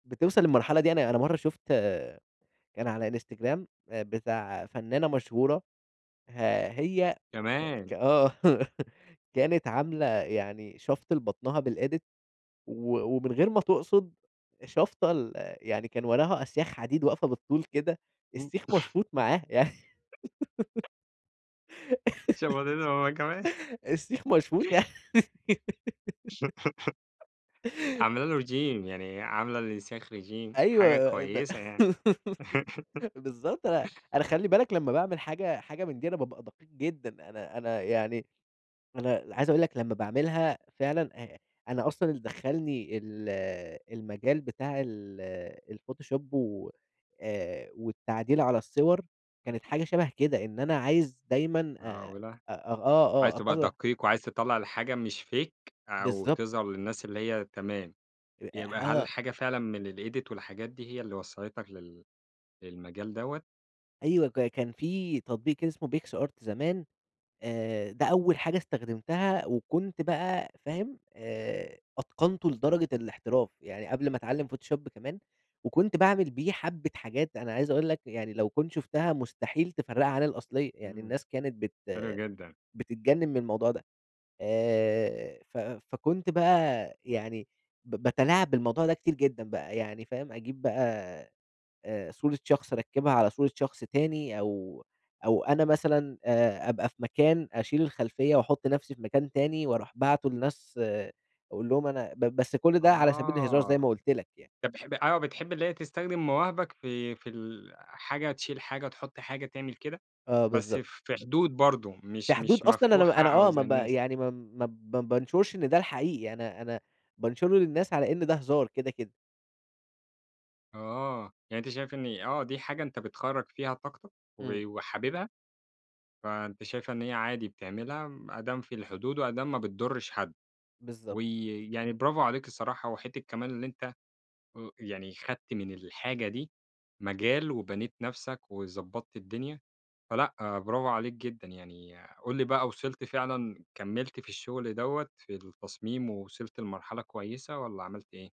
بتوصَل للمرحلة دي، أنا أنا مرّة شُفت كان على Instagram آآ بتاع فنانة مشهورة، ه هي [unintelligible] ك كمان. آه كانت عاملة يعني شفْط لبطنها بالEdit و ومن غير ما تقصد شافطه ال يعني كان وراها أسياخ حديد واقفة بالطول كده، السيخ مشفوط معاها يعني شفطته هو كمان السيخ مشفوط عامله له Regime يعني عاملة للأسياخ Regime حاجة أيوه ب كويسة يعني. بالضبط أ أنا خلّي بالك لما باعمل حاجة حاجة من دي، أنا بابقى دقيق جدًا، أنا أنا يعني أنا عايز أقول لك لمّا باعملها فعلًا، آآ أنا أصلًا اللي دخلني ال المجال بتاع ال الPhotoshop و آآ والتعديل على الصور، كانت حاجة شبه كده، إن أنا عايز دايمًا، آآ، معقولة! أ أ آه، عايز آه تبقى أطلّع دقيق، وعايز تطلَّع الحاجة مش Fake أو بالضبط. تظهر للناس اللي هي تمام، يبقى [unintelligible] هل آه. الحاجة فعلًا من الEdit والحاجات دي هي اللي وصَّلتك لل للمجال دوّة؟ أيوه ك كان في تطبيق اسمه PicsArt زمان، آآ، ده أول حاجة استخدمتها، وكنت بقى فاهم، آآ، أتقنته لدرجة الاحتراف، يعني قبل ما أتعلم Photoshop كمان، وكنت باعمل بيه حبة حاجات، أنا عايز أقول لك يعني لو كنت شُفتها مستحيل تفرقها عن الأصلية، يعني إمم، الناس كانت بت حلو جدًا. بتتجنن من الموضوع ده، آآ، ف فكنت بقى يعني ب باتلاعب بالموضوع ده كتير جدًا بقى، يعني فاهم، أجيب بقى، آآ، صورة شخص أركبها على صورة شخص تاني، أو أو أنا مثلًا، آآ، أبقى في مكان أشيل الخلفية، وأحط نفْسِي في مكان تاني وأرُوح باعته للناس أقول لهم أنا ب بس كل ده على سبيل الهزار، زي آه، ما قُلت لك يعني. طَب بح آه، بتحب اللي هي تستخدم مواهبك في في ال حاجة تشيل حاجة، تحط حاجة، تعمل كده؟ آه، بس بالضبط. في حدود برضه في مش حدود مش أصلًا، أنا ما مفتوحة أنا أو آه، ما زي ب الناس يعني ما ب ما بانشرش إن ده الحقيقي، أنا أنا بانشره للناس على إن ده هزار كده، كده. آه، يعني أنت شايف إن آه دي حاجة أنت بتخرَّج فيها طاقتك، إمم. و وحاببها، فأنت شايف إن هي عادي بتعملها، م أدام في الحدود، وأدام ما بتضرش حد، بالضبط. وي يعني برافو عليك الصراحة، وحتّة كمان اللي أنت، [unintelligible] يعني خدت من الحاجة دي مجال، وبنيت نفْسَك، وضبطت الدنيا، فلأ برافوعليك جدًا يعني، قُل لي بقى وصلت فعلًا، كملت في الشغل دوّة في التصميم، ووصلت لمرحلة كويسة، والَّا عملت إيه؟